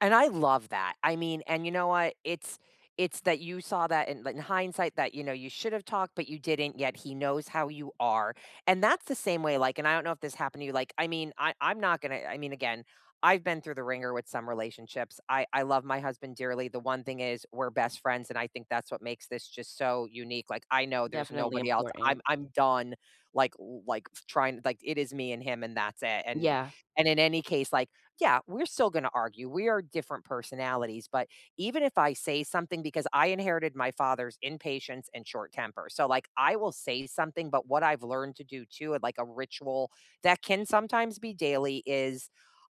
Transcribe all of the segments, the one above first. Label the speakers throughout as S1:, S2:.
S1: And I love that, I mean and you know what? It's it's that you saw that, in in hindsight that, you know, you should’ve talked, but you didn't, yet he knows how you are, and that's the same way, like- and I don't know if this happened to you- like I mean, I 'm not gonna I mean, again, I've been through the ringer with some relationships, I I love my husband dearly, the one thing is, we're best friends, and I think that's what makes this just so unique, like, I know there's
S2: Definitely
S1: nobody else,
S2: important.
S1: I'm I'm done, like like, f trying like, it is me and him, and that's it, and
S2: Yeah.
S1: and, in any case, like, yeah, we're still gonna argue, we are different personalities, but, even if I say something because I inherited my father's impatience and short temper, so, like, I will say something, but what I've learned to do, too, of, like, a ritual- that can sometimes be daily- is,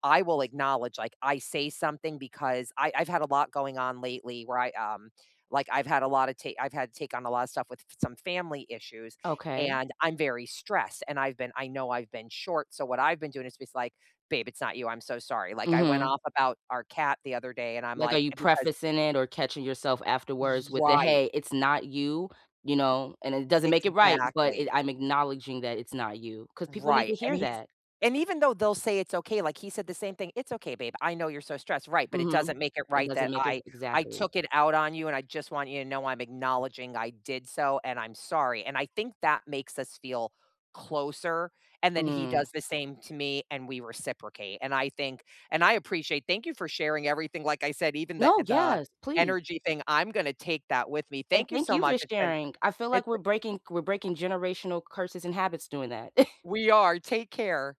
S1: I will acknowledge, like, I say something because, I I've had a lot going on lately where I, um like, I've had a lotta ta I've had to take on a lotta stuff with f f some family issues,
S2: Okay.
S1: and I'm very stressed, and, I've been I know I've been short, so, what I've been doing is, just, like, "Babe, it's not you, I'm so sorry," like, I went
S2: Mhm.
S1: off about our cat the other day, and I'm,
S2: Like, are
S1: like
S2: you
S1: because
S2: prefacing it or catching yourself afterwards with the,
S1: Right.
S2: "Hey, it's not you," you know? And, "it doesn't make it right, but, it
S1: Exactly.
S2: I'm acknowledging that it's not you," 'cause people need
S1: Right,
S2: to
S1: and
S2: hear
S1: he's
S2: that.
S1: and, even though they'll say it's okay, like, he said the same thing, "It's okay, babe, I know you're so stressed." "Right, but it
S2: Mhm.
S1: doesn't make it
S2: It
S1: right
S2: doesn't
S1: that
S2: make it
S1: I I
S2: Exactly.
S1: took it out on you, and I just want you to know, I'm acknowledging I did so, and I'm sorry," and, I think that makes us feel closer, and then, he
S2: Mm.
S1: does the same to me and we reciprocate, and I think and, I appreciate thank you for sharing everything, like I said, even the
S2: No,
S1: the
S2: yes, please.
S1: energy thing, I'm gonna take that with me,
S2: And,
S1: thank you
S2: thank
S1: so
S2: you for
S1: much, it's been
S2: sharing, I feel like
S1: it's
S2: we're
S1: b
S2: breaking we're breaking generational curses and habits doing that.
S1: We are, take care.